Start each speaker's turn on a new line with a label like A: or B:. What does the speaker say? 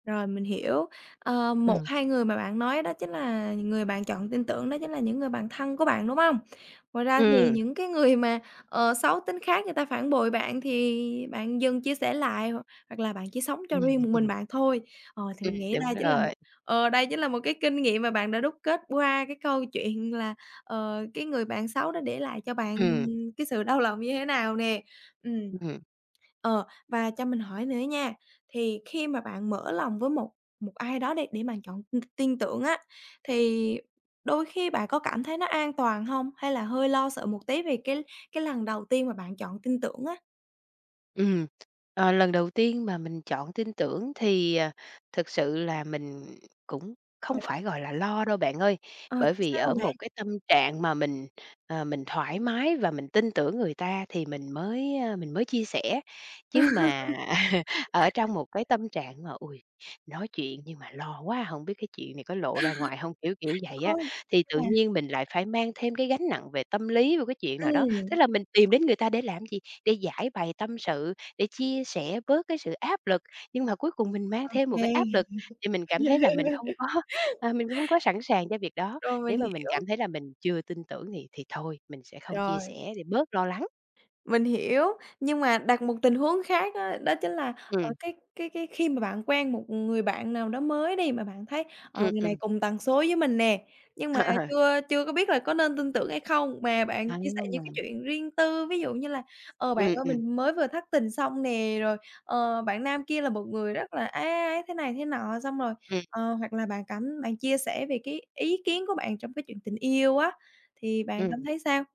A: Rồi mình hiểu, ờ, một
B: Ừm.
A: hai người mà bạn nói đó chính là người bạn chọn tin tưởng đó chính là những người bạn thân của bạn, đúng hông? Ngoài ra thì
B: Ừm.
A: những cái người mà, ờ, xấu tính khác người ta phản bội bạn thì bạn dừng chia sẻ lại, hoặc là bạn chỉ sống cho
B: Ừm,
A: riêng một mình
B: ừm.
A: bạn thôi. Ờ, thì
B: Ừm,
A: mình nghĩ
B: đúng
A: đây chính là một
B: rồi.
A: ờ, đây chính là một cái kinh nghiệm mà bạn đã đúc kết qua cái câu chuyện, là, ờ, cái người bạn xấu đó để lại cho bạn
B: Ừm.
A: cái sự đau lòng như thế nào nè. Ừm.
B: Ừm.
A: Ờ, và cho mình hỏi nữa nha. Thì khi mà bạn mở lòng với một một ai đó để để mà chọn tin tưởng á, thì đôi khi bạn có cảm thấy nó an toàn hông? Hay là hơi lo sợ một tí về cái cái lần đầu tiên mà bạn chọn tin tưởng á?
B: Ừm, ờ, lần đầu tiên mà mình chọn tin tưởng thì, à, thực sự là mình cũng không
A: Hồi đó
B: phải, gọi là, lo đâu bạn ơi.
A: Ờ,
B: Bởi
A: chứ
B: vì
A: sao
B: ở
A: vậy
B: một
A: bạn?
B: cái tâm trạng mà mình, ờ, mình thoải mái, và mình tin tưởng người ta thì mình mới, ơ, mình mới chia sẻ. Chứ mà, ở trong một cái tâm trạng mà ôi, nói chuyện nhưng mà lo quá, hổng biết cái chuyện này có lộ ra ngoài hông? Kiểu kiểu vậy
A: Ờ,
B: á, thì
A: nhưng
B: tự
A: mà
B: nhiên mình lại phải mang thêm cái gánh nặng về tâm lý vô cái chuyện nào đó. Tức
A: Ừm.
B: là mình tìm đến người ta để làm gì? Để giãi bày tâm sự, để chia sẻ bớt cái sự áp lực. Nhưng mà cuối cùng mình mang
A: Ô
B: thêm một cái áp
A: kê.
B: lực thì mình cảm thấy là mình không có, à, mình hông có sẵn sàng cho việc đó.
A: Rồi, mình
B: Nếu mà mình
A: hiểu.
B: cảm thấy là mình chưa tin tưởng thì thì thôi, mình sẽ không chia
A: Rồi.
B: sẻ thì bớt lo lắng.
A: Mình hiểu, nhưng mà đặt một tình huống khác á. Đó chính là, ờ,
B: Ừm.
A: cái cái cái khi mà bạn quen một người bạn nào đó mới đi mà bạn thấy, ờ,
B: Ừm,
A: người này
B: ừm.
A: cùng tần số với mình nè. Nhưng mà
B: Ờ.
A: chưa chưa có biết là có nên tin tưởng hay không? Mà bạn chia sẻ những cái
B: À.
A: chuyện riêng tư, ví dụ như là: "Ờ, bạn
B: Ừm,
A: ơi
B: ừm.
A: mình mới vừa thất tình xong nè", rồi "ờ, bạn nam kia là một người rất là ấy, ấy, ấy thế này thế nọ." Xong rồi,
B: Ừm.
A: ờ, hoặc là bạn cảm bạn chia sẻ về cái ý kiến của bạn trong cái chuyện tình yêu á, thì bạn cảm
B: Ừm.
A: thấy sao?